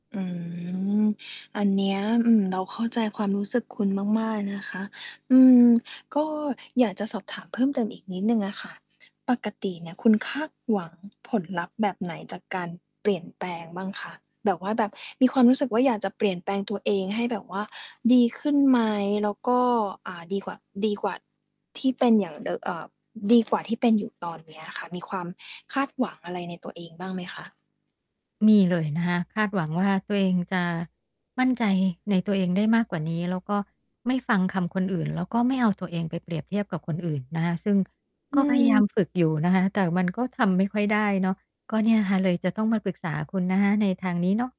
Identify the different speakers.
Speaker 1: อืม อันเนี้ย อืม เราเข้าใจความรู้สึกคุณมาก ๆ นะคะ อืม ก็อยากจะสอบถามเพิ่มเติมอีกนิดหนึ่งอะค่ะ ปกติเนี่ยคุณคาดหวังผลลัพธ์แบบไหนจากการเปลี่ยนแปลงบ้างคะ แบบว่าแบบมีความรู้สึกว่าอยากจะเปลี่ยนแปลงตัวเองให้แบบว่าดีขึ้นไหมแล้วก็ อ่า ดีกว่า ดีกว่าที่เป็นอย่างเดอ เอ่อ ดีกว่าที่เป็นอยู่ตอนเนี้ยค่ะ มีความคาดหวังอะไรในตัวเองบ้างไหมคะ?
Speaker 2: มีเลยนะคะ คาดหวังว่า ตัวเองจะมั่นใจในตัวเองได้มากกว่านี้ แล้วก็ไม่ฟังคำคนอื่น แล้วก็ไม่เอาตัวเองไปเปรียบเทียบกับคนอื่นนะคะ ซึ่งก
Speaker 1: อ
Speaker 2: ็
Speaker 1: ื
Speaker 2: พยายา
Speaker 1: ม
Speaker 2: มฝึกอยู่นะคะ แต่มันก็ทำไม่ค่อยได้เนาะ ก็เนี่ยค่ะ เลยจะต้องมาปรึกษาคุณนะคะในทางนี้เนาะ